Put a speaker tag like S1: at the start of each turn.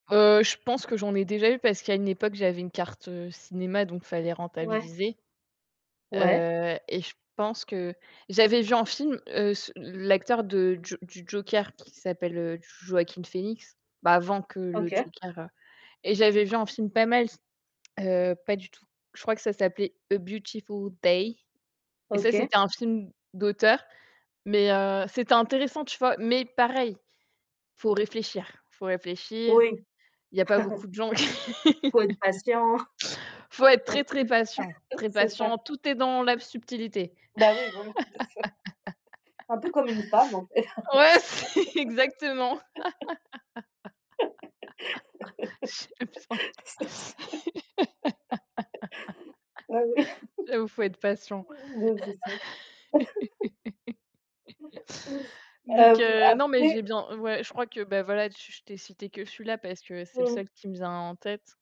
S1: Heu, je pense que j'en ai déjà eu parce qu'à une époque, j'avais une carte, heu, cinéma, donc fallait
S2: Ouais.
S1: rentabiliser.
S2: Ouais.
S1: Heu, et je pense que j'avais vu en film, heu, s heu, l'acteur de J du Joker qui s'appelle, heu, Joaquin Phoenix, bah, avant que le
S2: OK.
S1: Joker, heu et j'avais vu un film pas mal s heu, pas du tout. Je crois que ça s'appelait A Beautiful Day et ça,
S2: OK.
S1: c'était un film d'auteur. Mais, heu, c'était intéressant, tu vois, mais pareil, faut réfléchir, faut réfléchir,
S2: Oui.
S1: il y a pas beaucoup de gens q
S2: Faut être patient.
S1: faut être très,
S2: Ouais.
S1: très patient, très
S2: C'est ça.
S1: patient, tout est dans la subtilité.
S2: Bah, oui, voilà, c'est ça. Un peu comme une femme en fait.
S1: Ouais, c'est exactement. C'est ça.
S2: C'est c ah ouais,
S1: J'avoue, faut être patient.
S2: mmh, bah, c'est ça.
S1: Donc,
S2: Hem,
S1: heu, non, mais j'ai
S2: après
S1: bien ouais, je crois que bah, voilà, je t'ai cité que celui-là, parce que c'est le
S2: Mmh.
S1: seul qui me vient en tête.